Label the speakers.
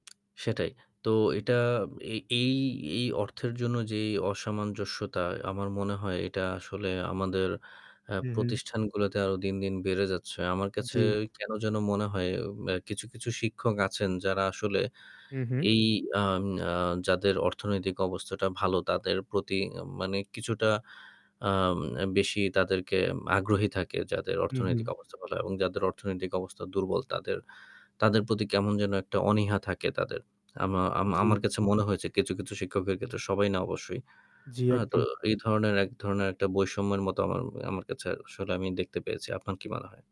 Speaker 1: সেটাই। তো এটা এ এই এই অর্থের জন্য যেই অসামঞ্জস্যতা আমার মনে হয় এটা আসলে আমাদের আ
Speaker 2: হু, হু।
Speaker 1: প্রতিষ্ঠানগুলাতে আরও দিন, দিন, বেড়ে যাচ্ছে। আমার কাছে
Speaker 2: জ্বী।
Speaker 1: কেন যেন মনে হয় ম্যা কিছু, কিছু, শিক্ষক আছেন যারা আসলে
Speaker 2: হু, হু।
Speaker 1: এই আন আ যাদের অর্থনৈতিক অবস্থাটা ভালো তাদের প্রতি মানে কিছুটা আ বেশি তাদেরকে আগ্রহী থাকে যাদের
Speaker 2: হু, হু।
Speaker 1: অর্থনৈতিক অবস্থা ভালো এবং যাদের অর্থনৈতিক অবস্থা দুর্বল তাদের, তাদের, প্রতি কেমন যেন একটা অনীহা থাকে তাদের। আমা আমা
Speaker 2: জ্বী।
Speaker 1: আমার কাছে মনে হয়েছে কিছু, কিছু, শিক্ষকের ক্ষেত্রে সবাই না অবশ্যই।
Speaker 2: জ্বী
Speaker 1: অ তো
Speaker 2: একদম।
Speaker 1: এই ধরনের এক ধরণের একটা বৈষম্যের মতো আমা আমার কাছে আসলে আমি দেখতে পেয়েছি। আপনার কি মনে হয়?